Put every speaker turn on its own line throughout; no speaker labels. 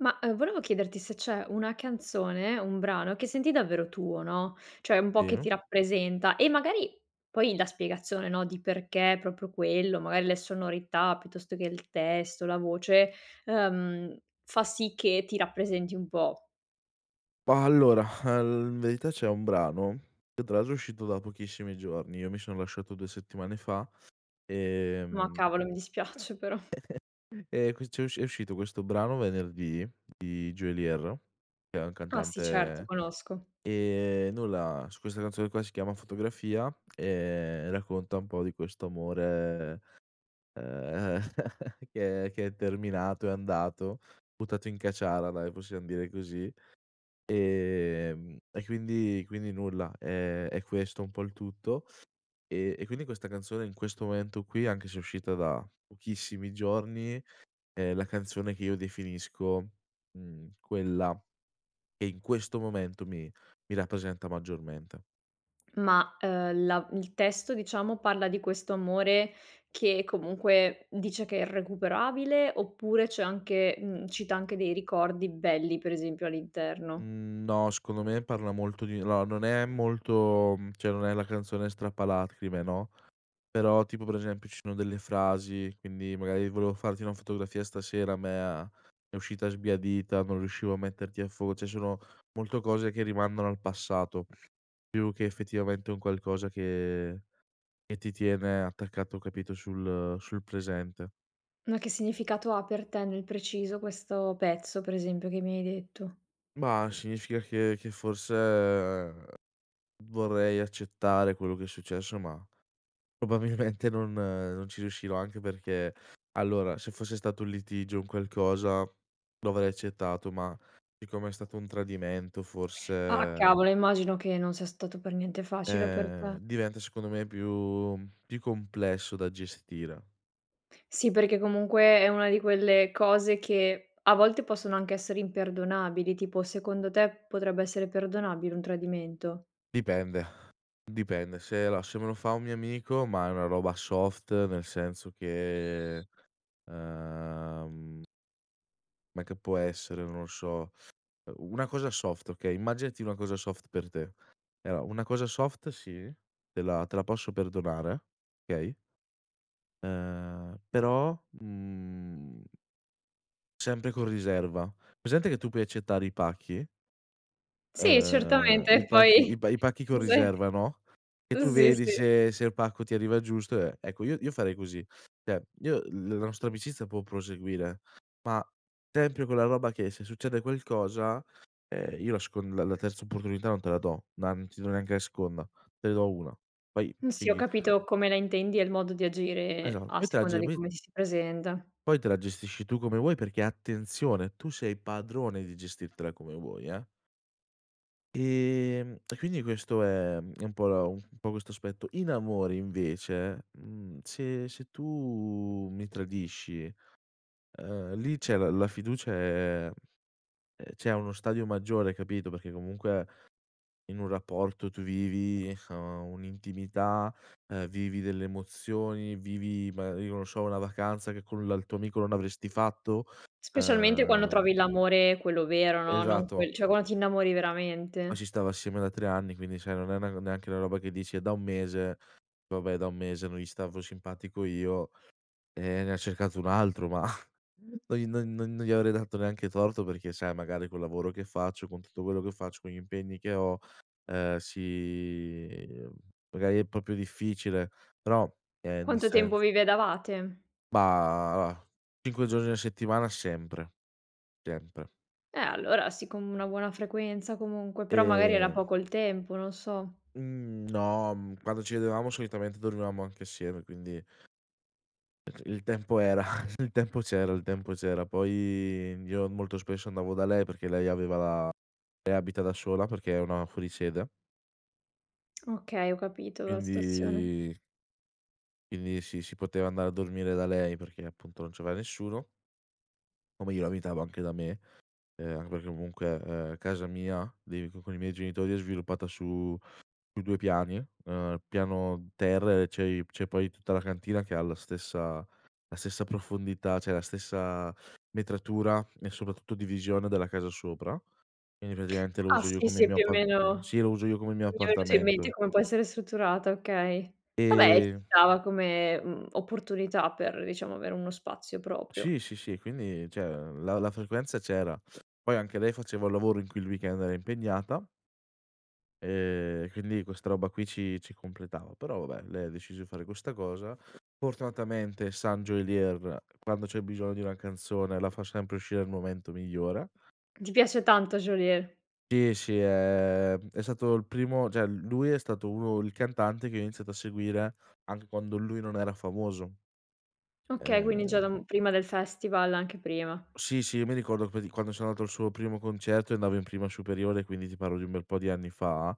Ma, uhm, volevo chiederti se c'è una canzone, un brano che senti davvero tuo, no, cioè un po' che
Sì.
ti rappresenta e magari poi la spiegazione, no, di perché proprio quello, magari le sonorità piuttosto che il testo, la voce, ehm, fa sì che ti rappresenti un po'.
Bah, allora, al in verità c'è un brano, che tra l'altro è uscito da pochissimi giorni. Io mi son lasciato 2 settimane fa,
Ma
ehm
cavolo mi dispiace però.
ehm, ques c'è è usc è uscito questo brano venerdì di Geolier. che è un
Ah sì, certo,
cantante,
conosco.
ehm, nulla su questa canzone qua, si chiama "Fotografia", ehm, racconta un po' di questo amore, ehm, che è che è terminato, è andato, buttato in caciara dai, possiam dire così. Ehm, e quindi quindi nulla, ehm, è questo un po' il tutto, ehm, e quindi questa canzone in questo momento qui anche se è uscita da pochissimi giorni è la canzone che io definisco, mhmm, quella che in questo momento mi mi rappresenta maggiormente.
Ma, uhm, la il testo diciamo parla di questo amore che comunque dice che è irrecuperabile, oppure c'è anche mhmm, cita anche dei ricordi belli, per esempio all'interno?
Mhmm, no, secondo me parla molto di no, non è molto mhmm, cioè non è la canzone strappalacrime, no, però tipo per esempio ci sono delle frasi quindi magari: "volevo farti una fotografia stasera me a è uscita sbiadita, non riuscivo a metterti a fuoco", cioè sono molto cose che rimandano al passato, più che effettivamente un qualcosa che che ti tiene attaccato, capito, sul sul presente.
Ma che significato ha per te nel preciso questo pezzo, per esempio, che mi hai detto?
Mah, significa che che forse vorrei accettare quello che è successo ma probabilmente non non ci riuscirò, anche perché, allora se fosse stato un litigio, un qualcosa, lo avrei accettato ma siccome è stato un tradimento
Ah
forse
cavolo, eh immagino che non sia stato per niente facile per
Eh,
te.
diventa secondo me più più complesso da gestire.
Sì, perché comunque è una di quelle cose che a volte possono anche essere imperdonabili, tipo secondo te, potrebbe essere perdonabile un tradimento?
Dipende. Dipende. Se alla se me lo fa un mio amico, ma è una roba soft, nel senso che, ehm me che può essere, non lo so, una cosa soft, okay. Immaginati una cosa soft per te. Allora, una cosa soft sì, te la te la posso perdonare, okay? Ehm, però, mhmm sempre con riserva. Presente che tu puoi accettare i pacchi?
Sì,
Uhm,
certamente
i
e
pacchi
poi
i pa i pacchi con
cos'è?
riserva, no, e
Uhm,
tu
sì,
vedi
sì.
se se il pacco ti arriva giusto e ecco io io farei così. Cioè io l la nostra amicizia può proseguire, ma tempio quella roba che se succede qualcosa, ehm, io la scon la la terza opportunità non te la do. Ma non ti do neanche la seconda. Te ne do 1. Poi
Uhm, sì ho
figli
capito come la intendi e il modo di
Esa
agire a
poi te la
seconda di
[unintelligible]
come ti si presenta.
Poi te la gestisci tu come vuoi perché, attenzione, tu sei padrone di gestirtela come vuoi, eh? Ehm, e quindi questo è uhm, è un po' la, uhm, un po' questo aspetto In amore invece, mhmm, se se tu mi tradisci, uhm, lì c'è la la fiducia, ehm ehm, cioè è a uno stadio maggiore, capito, perché comunque in un rapporto tu vivi, uhm, un'intimità, ehm, vivi delle emozioni, vivi ma io non so una vacanza che con la il tuo amico non avresti fatto,
Specialmente quando
ehm
trovi l'amore quello vero, no, non
Esatto.
quel cioè quan ti innamori
Ma ci
veramente.
stavo assieme da 3 anni quindi sai non è una neanche una roba che dici: "È da 1 mese, vabbè da 1 mese non gli stavo simpatico io e ne ha cercato un altro", ma no gli non non non gli avrei dato neanche torto, perché sai magari col lavoro che faccio, con tutto quello che faccio, con gli impegni che ho, ehm, si, uhm, magari è proprio difficile, però, ehm, nel
Quanto tempo
sens
vi vedevate?
Bah, 5 giorni a settimana sempre, sempre.
Eh, allora sì, con una buona frequenza comunque, però magari era
Ehm
poco il tempo, non so.
Mhmm, no, uhm, quando ci vedevamo solitamente dormivamo anche assieme, quindi il il tempo era il tempo c'era, il tempo c'era, poi io molto spesso andavo da lei, perché lei aveva la lei abita da sola perché è una fuori sede
Okay, ho capito la situazione.
Quindi quindi sì, si poteva andare a dormire da lei perché appunto non c'aveva nessuno O meglio abitava anche da me, ehm, anche perché comunque, ehm, casa mia, dei co con i miei genitori è sviluppata su su 2 piani, ehm, piano terra e c'è i c'è poi tutta la cantina che ha la stessa la stessa profondità, cioè la stessa metratura e soprattutto divisione della casa sopra. Quindi praticamente lo
Ah
uso io
sì,
come
sì
mio
più o
appart
meno
sì, lo uso io come mio
mi è venuto in mente
appartamento.
come può essere strutturata, okay. Vabbè ci
Ehm
stava come, mhmm, opportunità per diciamo avere uno spazio proprio.
Sì, sì, sì, quindi cioè, ehm, la la frequenza c'era. Poi anche lei faceva il lavoro in cui il weekend era impegnata ehm, e quindi questa roba qui ci ci completava però vabbè lei ha deciso di fare questa cosa. Fortunatamente San Geolier quando c'è bisogno di una canzone la fa sempre uscire al momento migliore.
Ti piace tanto Geolier.
Sì, sì, ehm, è stato il primo cioè lui è stato uno il cantante che io ho iniziato a seguire anche quando lui non era famoso.
Okay quindi già da
Ehm
un prima del festival, anche prima.
Sì, sì, io mi ricordo qua di quando sono andato al suo primo concerto e andavo in prima superiore, quindi ti parlo di un bel po' di anni fa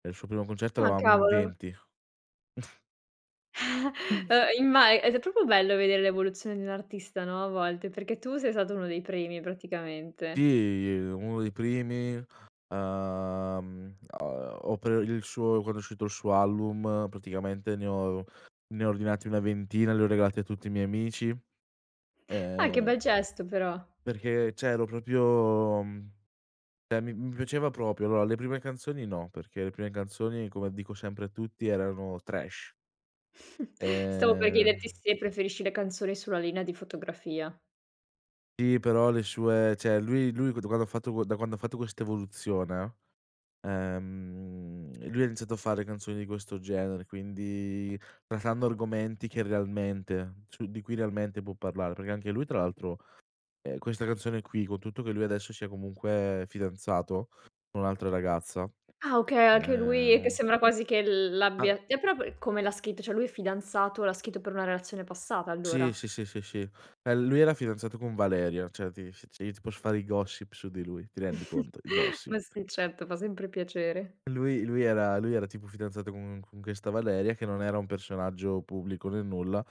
e il suo primo concerto
Ah
eravamo in
cavolo.
20.
Uhm, imma ed è proprio bello vedere l'evoluzione di un artista, no, a volte perché tu sei stato uno dei primi praticamente.
Sì, ehm, uno dei primi, uhm, a o per il suo quando è uscito il suo album praticamente, ne ho ne ho ordinati una ventina e li ho regalati a tutti i miei amici,
Ah che
ehm
bel gesto però.
Perché, cioè ero proprio, uhm, cioè mi mi piaceva proprio. Allora, le prime canzoni no, perché le prime canzoni come dico sempre a tutti erano trash.
Stavo per
Ehm
chiederti se preferisci le canzoni sulla linea di fotografia.
Sì, però le sue, cioè lui lui quan quando ha fatto da quando ha fatto questa evoluzione, ehm, lui ha iniziato a fare canzoni di questo genere, quindi trattando argomenti che realmente su di cui realmente può parlare, perché anche lui tra l'altro, ehm, questa canzone qui, con tutto che lui adesso sia comunque fidanzato con un'altra ragazza,
Ah okay, anche lui che
ehm
sembra quasi che l l'abbia
[unintelligible]
t'è prop come l'ha scritto, cioè lui è fidanzato, l'ha scritto per una relazione passata allora.
Sì, sì, sì, sì, eh lui era fidanzato con Valeria cioè ti si io ti posso fare i gossip su di lui, ti rendi conto i
Ma
gossip.
sì certo, fa sempre piacere.
Lui lui era lui era tipo fidanzato co con questa Valeria che non era un personaggio pubblico, ne nulla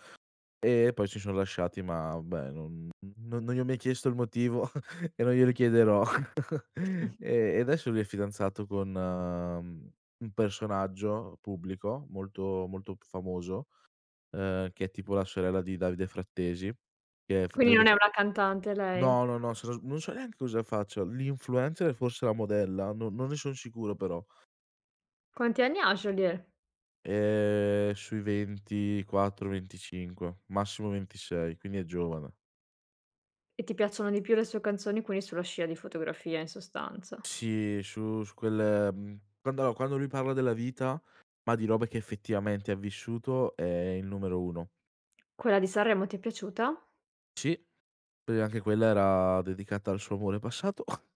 e poi si son lasciati ma beh, non non non gli ho mai chiesto il motivo e non gli chiederò e e adesso lui è fidanzato con un personaggio pubblico molto, molto famoso, uhm, che è tipo la sorella di Davide Frattesi, che è f
Quindi
Davide
non è una cantante lei?
No, no, no, no, so sa non so neanche cosa faccia. L'influencer, forse la modella, non non ne son sicuro però.
Quanti anni ha Geolier?
Ehm, sui 24, 25 massimo 26, quindi è giovane.
E ti piacciono di più le sue canzoni, quelle sulla scia di "Fotografia", in sostanza.
Sì, su su quel mhmm, quando quando lui parla della vita, ma di robe che effettivamente ha vissuto è il numero 1.
Quella di Sanremo ti è piaciuta?
Sì, perché anche quella era dedicata al suo amore passato.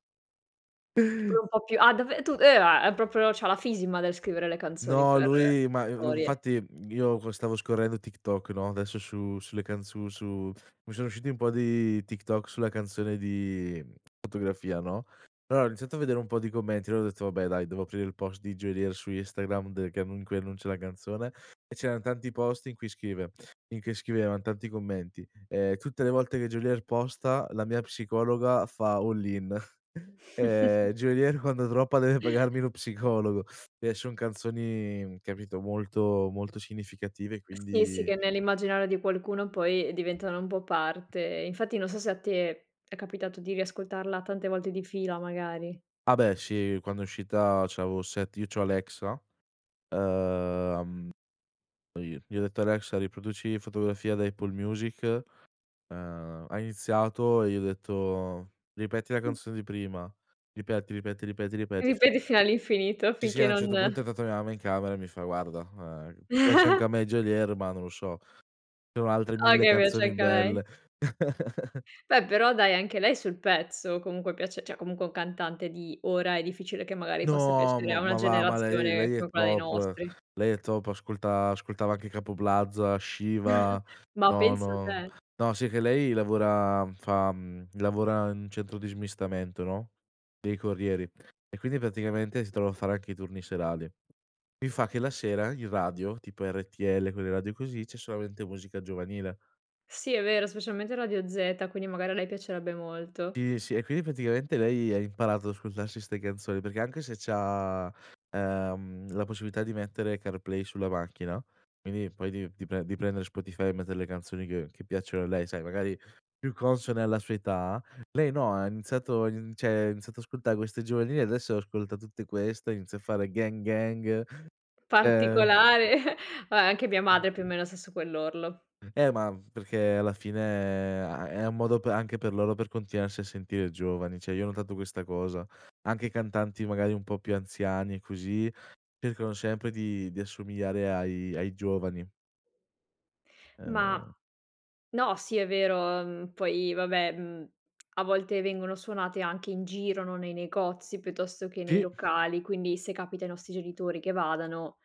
Che pure un po' più a dave tu [unintelligible] è proprio c'ha la fisima del scrivere le canzoni
No,
[unintelligible]
lui ma i
storie.
infatti io co stavo scorrendo TikTok, no, adesso su sulle canz su su mi sono usciti un po' di TikTok sulla canzone di "Fotografia", no. Allora, ho iniziato a vedere un po' di commenti, allora ho detto: "Vabbè dai, devo aprire il post di Geolier su Instagram, de che annun in cui annuncia la canzone", e c'eran tanti post in cui scrive in che scrivevan tanti commenti, ehm, "tutte le volte che Geolier posta, la mia psicologa fa all-in." "Ehm, Geolier quando droppa deve pagarmi lo psicologo". Eh son canzoni, capito, molto, molto significative,
Eh sì, sì,
quindi
che nell'immaginario di qualcuno poi diventano un po' parte, infatti non so se a te è capitato di riascoltarla tante volte di fila, magari.
A beh sì quando è uscita c'avo set io c'ho Alexa. Ehm, poi gli ho detto: "Alexa riproduci 'Fotografia' da Apple Music", ehm, ha iniziato e gli ho detto: "Ripeti la
Mh.
canzone di prima. Ripeti, ripeti, ripeti, ripeti," sì.
Ripeti fino all'infinito,
Sì, sì
finché
a un
non
certo punto è entrata mia mamma in camera e mi fa: "Guarda, ehm, piace anche a me Geolier, ma non lo so, ci sono altre
Ah
1000
okay, piace
canzoni
anche a lei.
belle".
Beh però dai, anche lei sul pezzo comunque piace, cioè, comunque un cantante di ora è difficile che magari possa
No
piacere a
ma
una
ma va, ma lei
generazione
lei è
come quella dei
top,
nostri.
lei è top, ascolta ascoltava anche Capo Plaza, Shiva,
Ma
no,
pensa
no,
te!
no, si è che lei lavora fa, mhmm, lavora in centro di smistamento, no, dei corrieri e quindi praticamente si trova a fare anche i turni serali, mi fa che la sera, in radio, tipo RTL quelle radio così, c'è solamente musica giovanile.
Sì è vero specialmente Radio Zeta, quindi magari a lei piacerebbe molto.
Sì, sì, e quindi praticamente lei ha imparato a ascoltarsi 'ste canzoni, perché anche se c'ha, ehm, la possibilità di mettere CarPlay sulla macchina, quindi poi di di pre di prendere Spotify e mettere le canzoni che che piacciono a lei, sai magari più consone alla sua età, lei no, ha iniziato in cioè, ha iniziato a ascoltare queste giovanili adesso ascolta tutte queste, inizia a fare "gang, gang" ehm
Particolare, vabbè, anche mia madre più o meno sta su quell'orlo.
Eh ma perché alla fine è a è un modo per anche per loro per continuarsi a sentire giovani, cioè io ho notato questa cosa, anche cantanti magari un po' più anziani, così, cercano sempre di di assomigliare ai ai giovani.
Ma,
Ehm
no, sì è vero, mhmm, poi vabbè, mhmm, a volte vengono suonate anche in giro, no, nei negozi piuttosto che nei
Sì.
locali, quindi se capita ai nostri genitori che vadano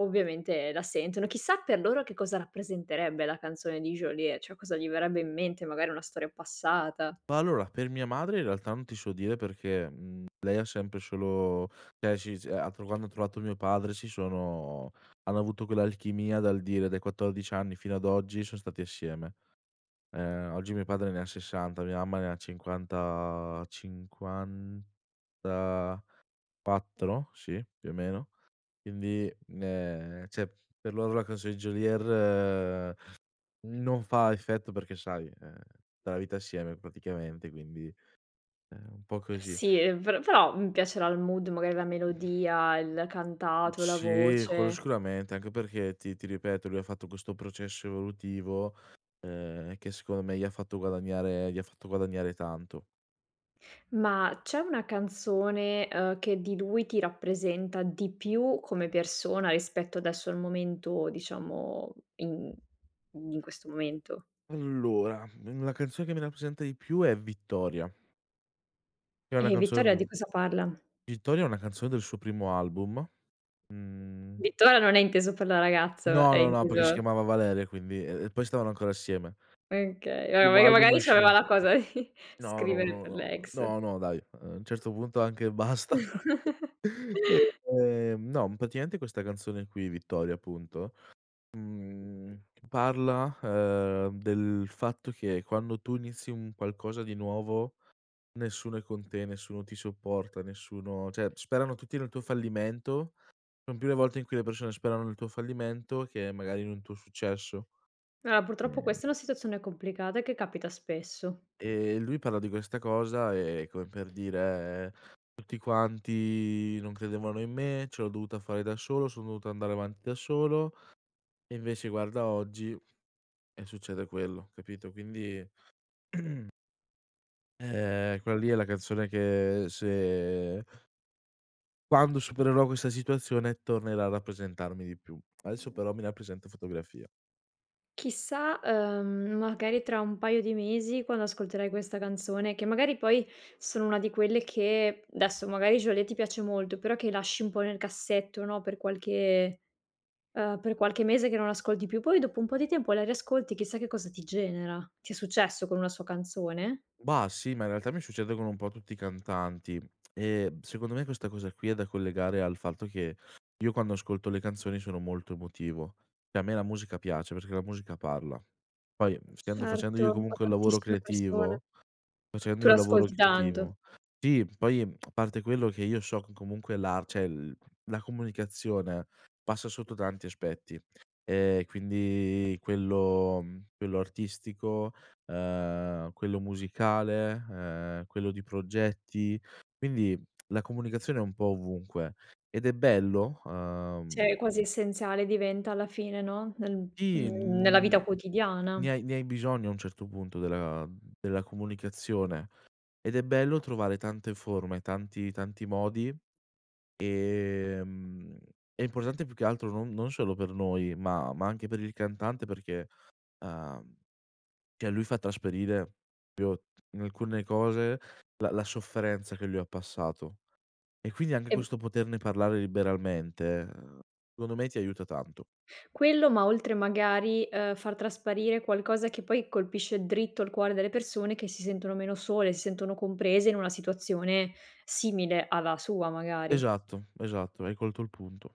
ovviamente la sentono. Chissà per loro che cosa rappresenterebbe la canzone di Geolier, cioè cosa gli verrebbe in mente, magari una storia passata.
Ma allora, per mia madre in realtà non ti so dire perché, mhmm, lei ha sempre e solo cioè, sì se a quando ha trovato mio padre si sono hanno avuto quell'alchimia dal dire dai 14 anni fino ad oggi son stati assieme. Ehm, oggi mio padre ne ha 60, mia mamma ne ha cinquanta 54, sì, più o meno quindi, ehm, cioè per loro la canzone di Geolier non fa effetto perché sai, ehm, la vita assieme praticamente quindi è un po' così.
Sì, per però, mhmm, piacerà il mood, magari la melodia, il cantato, la
Sì, quello
voce.
sicuramente, anche perché ti ti ripeto, lui ha fatto questo processo evolutivo, ehm, che secondo me gli ha fatto guadagnare gli ha fatto guadagnare tanto.
Ma c'è una canzone, ehm, che di lui ti rappresenta di più come persona, rispetto adesso al momento, diciamo, in in questo momento.
Allora, una canzone che mi rappresenta di più è "Vittoria" che è una
E
canzone
"Vittoria"
d
di cosa parla?
"Vittoria" è una canzone del suo primo album, mhmm
"Vittoria" non è inteso per la ragazz
No,
è
no, no, perché si
inteso
chiamava Valeria e quindi, e e poi stavano ancora assieme.
Okay.
Il
Vabbè,
primo
perché
album
magari c'aveva
esce
la cosa di
no, no,
scrivere per
no, no,
l'ex.
no, no dai, a un certo punto anche basta, ehm, no praticamente questa canzone qui, "Vittoria" appunto, mhmm, parla, ehm, del fatto che quando tu inizi un qualcosa di nuovo, nessuno è con te, nessuno ti supporta, nessuno cioè, sperano tutti nel tuo fallimento, son più le volte in cui le persone sperano nel tuo fallimento che magari in un tuo successo.
Eh purtroppo
Ehm
questa è una situazione complicata e che capita spesso.
E lui parla di questa cosa, e come per dire: "Tutti quanti non credevano in me, ce l'ho dovuta fare da solo, son dovuto andare avanti da solo e invece guarda oggi e succede quello," capito, quindi ehm, quella lì è la canzone che se quando supererò questa situazione tornerà a rappresentarmi di più. Adesso però mi rappresenta "Fotografia".
Chissà, ehm, magari tra un paio di mesi, quando ascolterai questa canzone, che magari poi sono una di quelle che, adesso magari Geolier ti piace molto, però che lasci un po' nel cassetto, no, per qualche, uhm, per qualche mese che non ascolti più, poi dopo un po' di tempo la riascolti, chissà che cosa ti genera. Ti è successo con una sua canzone?
Bah sì, ma in realtà mi succede con un po' tutti i cantanti e secondo me questa cosa qui è da collegare al fatto che io quando ascolto le canzoni sono molto emotivo, e a me la musica piace, perché la musica parla. Poi essendo facendo
Certo,
io
a
comunque un lavoro
tantissime persone.
creativo facendo
Tu
io un lavoro
l'ascolti tanto.
creativo Sì, poi a parte quello che io so che comunque la cioè il la comunicazione passa sotto tanti aspetti e quindi quello, mhmm, quello artistico, ehm, quello musicale, ehm, quello di progetti, quindi la comunicazione è un po' ovunque, ed è bello, uhm
Cioè è quasi essenziale, diventa alla fine, no, nel
Sì,
nella
mhmm,
vita
ne
quotidiana.
hai ne hai bisogno a un certo punto della della comunicazione ed è bello trovare tante forme, tanti, tanti modi, ehm, è importante più che altro non non solo per noi ma ma anche per il cantante perché, ehm, cioè lui fa trasparire proprio in alcune cose, la la sofferenza che lui ha passato e quindi anche
E
questo poterne parlare liberamente, ehm, secondo me ti aiuta tanto.
Quello, ma oltre magari, ehm, far trasparire qualcosa che poi colpisce dritto al cuore delle persone che si sentono meno sole, si sentono comprese in una situazione simile alla sua, magari.
Esatto, esatto, hai colto il punto.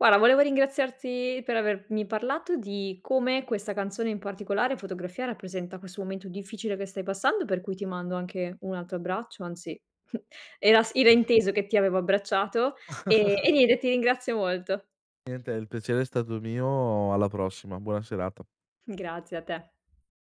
Guarda, volevo ringraziarti per avermi parlato di come questa canzone in particolare, "Fotografia", rappresenta questo momento difficile che stai passando per cui ti mando anche un altro abbraccio anzi, era s era inteso che ti avevo abbracciato e e niente, ti ringrazio molto.
Niente, e il piacere è stato mio, alla prossima, buona serata.
Grazie, a te.